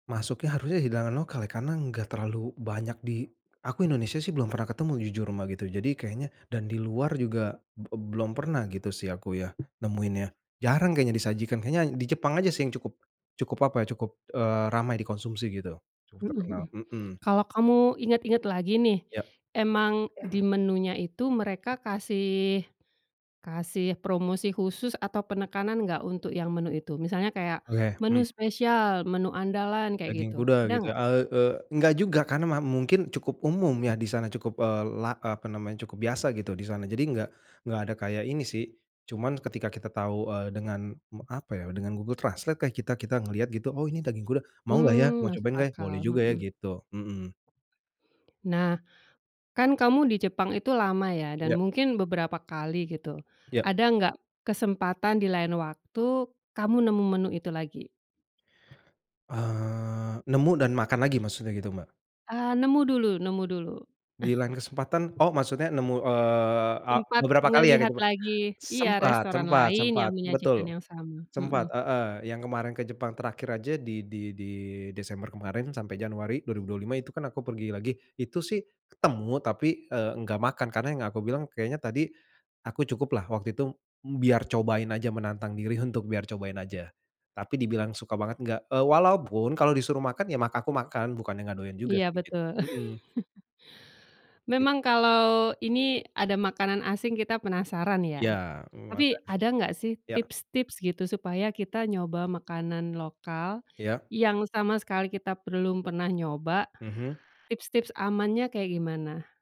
Masuknya harusnya hidangan lokal ya karena enggak terlalu banyak di aku Indonesia sih belum pernah ketemu jujur Mbak gitu, jadi kayaknya dan di luar juga be belum pernah gitu sih aku ya, nemuinnya. Jarang kayaknya disajikan kayaknya di Jepang aja sih yang cukup, cukup apa ya cukup eee ramai dikonsumsi gitu. Cukup Mhm mhm. terkenal, mhm. Kalau kamu ingat-ingat lagi nih, Ya. emang di menunya itu mereka kasih, kasih promosi khusus atau penekanan enggak untuk yang menu itu? Misalnya kayak, Oke, hmm. menu spesial, menu andalan, kayak Daging gitu, kuda ada gitu ya, enggak? e e enggak juga karena ma mungkin cukup umum ya di sana, cukup eee la apa namanya cukup biasa gitu di sana jadi enggak, enggak ada kayak ini sih, cuman ketika kita tahu eee dengan apa ya dengan Google Translate lah kita kita ngelihat gitu, oh ini daging kuda, mau gak ya? Hmm Mau masuk cobain gak ya? Boleh akal, juga ya, mhm. gitu. Mhm. Nah, kan kamu di Jepang itu lama ya? Dan Ya. mungkin beberapa kali gitu, Ya. ada nggak kesempatan di lain waktu, kamu nemu menu itu lagi? Eee nemu dan makan lagi maksudnya gitu Mbak? Ah nemu dulu, nemu dulu. Di lain kesempatan, oh maksudnya nemu eee e Sempat beberapa kali ya ke ngelihat Jepang? lagi, iya Sempat, restoran sempat, lain sempat, yang menyajikan betul, yang sama. sempat Mhm. heeh. Yang kemarin ke Jepang terakhir saja di di di Desember kemarin sampai Januari 2025 itu kan aku pergi lagi, itu sih ketemu tapi e enggak makan karena yang aku bilang kayanya tadi, aku cukuplah waktu itu biar cobain saja menantang diri untuk biar cobain saja. Tapi dibilang suka banget nggak, e walaupun kalau disuruh makan ya mak aku makan bukannya enggak doyan juga Iya sih, gitu. betul. Mhm. Memang Gitu. kalau ini ada makanan asing kita penasaran Iya, ya. Tapi makan. ada enggak sih Ya. tips-tips gitu supaya kita nyoba makanan lokal, Iya. yang sama sekali kita belum pernah nyoba, Mhm. tips-tips amannya kayak gimana?